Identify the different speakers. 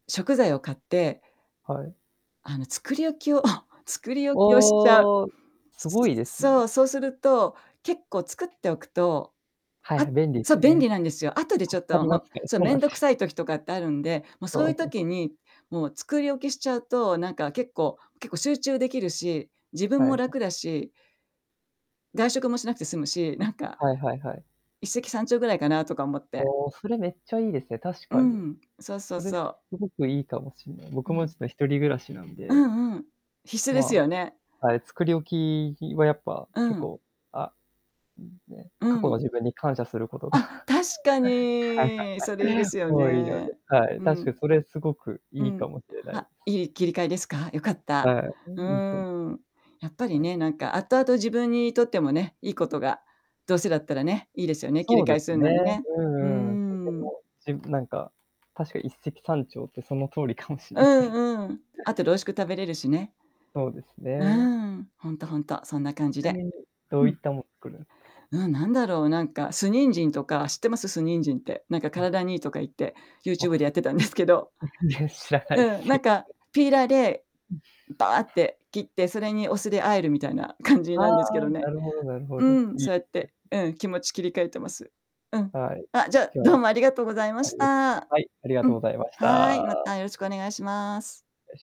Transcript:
Speaker 1: 食材を買って
Speaker 2: はい。
Speaker 1: あの、作り置きを 作り置きをしちゃう。
Speaker 2: おお、すごいですね。
Speaker 1: そう、そうすると、結構作っておくと、
Speaker 2: はいは
Speaker 1: あ
Speaker 2: い、便利で
Speaker 1: そ
Speaker 2: す
Speaker 1: う、
Speaker 2: よ
Speaker 1: 便利
Speaker 2: ね。
Speaker 1: なんですよ。後でちょ
Speaker 2: 助
Speaker 1: っ
Speaker 2: か
Speaker 1: と
Speaker 2: り
Speaker 1: も
Speaker 2: ま
Speaker 1: う、
Speaker 2: すけど、
Speaker 1: そう、
Speaker 2: そう
Speaker 1: 面
Speaker 2: なんすよ。
Speaker 1: 倒くさい時とかってあるんで、もうそ
Speaker 2: そ
Speaker 1: うい
Speaker 2: う
Speaker 1: う
Speaker 2: なん
Speaker 1: 時に、もう作り置きしちゃうと、なんか、結構結構集中できるし、自
Speaker 2: は
Speaker 1: 分
Speaker 2: いは
Speaker 1: も楽
Speaker 2: い。
Speaker 1: だし。外食もしなくて済むし、なんか
Speaker 2: はいはいはい。
Speaker 1: 一石三鳥ぐらいかなとか思って。
Speaker 2: おお。それめっちゃいいですね、確
Speaker 1: う
Speaker 2: かに。
Speaker 1: ん。そうそ
Speaker 2: そ
Speaker 1: う
Speaker 2: れ
Speaker 1: そ
Speaker 2: す
Speaker 1: う。
Speaker 2: ごくいいかもしれない。
Speaker 1: う
Speaker 2: 僕も
Speaker 1: ん。
Speaker 2: ちょっと一人暮らしなん
Speaker 1: う
Speaker 2: で。
Speaker 1: んうん。必須です
Speaker 2: ま
Speaker 1: よね。
Speaker 2: あ、あれ、作り置きはやっぱ、
Speaker 1: う
Speaker 2: 結
Speaker 1: ん。
Speaker 2: 構、あね、過
Speaker 1: う
Speaker 2: 去の
Speaker 1: ん。
Speaker 2: 自分に感謝することが、
Speaker 1: あ、確か
Speaker 2: はいはい
Speaker 1: に。それいいで
Speaker 2: はい。
Speaker 1: すよ
Speaker 2: 多いの
Speaker 1: ね。
Speaker 2: で。はい。
Speaker 1: う
Speaker 2: 確
Speaker 1: ん。
Speaker 2: かにそれすごく
Speaker 1: う
Speaker 2: いい
Speaker 1: ん。
Speaker 2: かもしれない。
Speaker 1: あ、いい切り替えですか？よかった。
Speaker 2: は
Speaker 1: う
Speaker 2: い、いいと
Speaker 1: ーん、やっぱり
Speaker 2: はい。
Speaker 1: ね、なんか後々自分にとってもね、いいことが、どうせだったらね、いいですよね、切
Speaker 2: そ
Speaker 1: り
Speaker 2: う
Speaker 1: 替
Speaker 2: で
Speaker 1: えす
Speaker 2: す
Speaker 1: る
Speaker 2: ね。
Speaker 1: のにね。
Speaker 2: うんう
Speaker 1: うー
Speaker 2: んうん。とて
Speaker 1: ん。
Speaker 2: もじなんか、確か一石三鳥って、その通りかもしれ
Speaker 1: う
Speaker 2: ない。
Speaker 1: んうん。あとで美味しく食べれるしね。
Speaker 2: そうです
Speaker 1: うー
Speaker 2: ね。
Speaker 1: ん。ほんとほんと。そんな感じ
Speaker 2: ちな
Speaker 1: で。
Speaker 2: みに、どういったものを作る
Speaker 1: うん、なんだろう。なんか、酢人参とか、知ってます？酢人参って。なんか
Speaker 2: [unintelligible]
Speaker 1: 体にいいとか言って、
Speaker 2: わ
Speaker 1: YouTube でやっ
Speaker 2: す。
Speaker 1: てたんですけど。
Speaker 2: 全然知らないで
Speaker 1: うん、
Speaker 2: す。
Speaker 1: なんか、ピーラーでバーっ
Speaker 2: [unintelligible]
Speaker 1: て切って、それにお酢で合えるみたいな感じ
Speaker 2: あ
Speaker 1: なんですけ
Speaker 2: あ、
Speaker 1: ど
Speaker 2: な
Speaker 1: ね。
Speaker 2: るほどなるほ
Speaker 1: う
Speaker 2: ど。
Speaker 1: ん、
Speaker 2: いい
Speaker 1: そうや
Speaker 2: で
Speaker 1: っ
Speaker 2: す
Speaker 1: て、
Speaker 2: ね。
Speaker 1: うん、気持ち切り替えてます。うん。
Speaker 2: はい。
Speaker 1: あ、じゃあ、
Speaker 2: じゃあ、
Speaker 1: どうもありがとうございま
Speaker 2: あ
Speaker 1: し
Speaker 2: り
Speaker 1: た。
Speaker 2: はい、ありが
Speaker 1: う
Speaker 2: とう
Speaker 1: ん、
Speaker 2: ございまし
Speaker 1: はい、
Speaker 2: た。
Speaker 1: またよろしくお願いします。
Speaker 2: よし。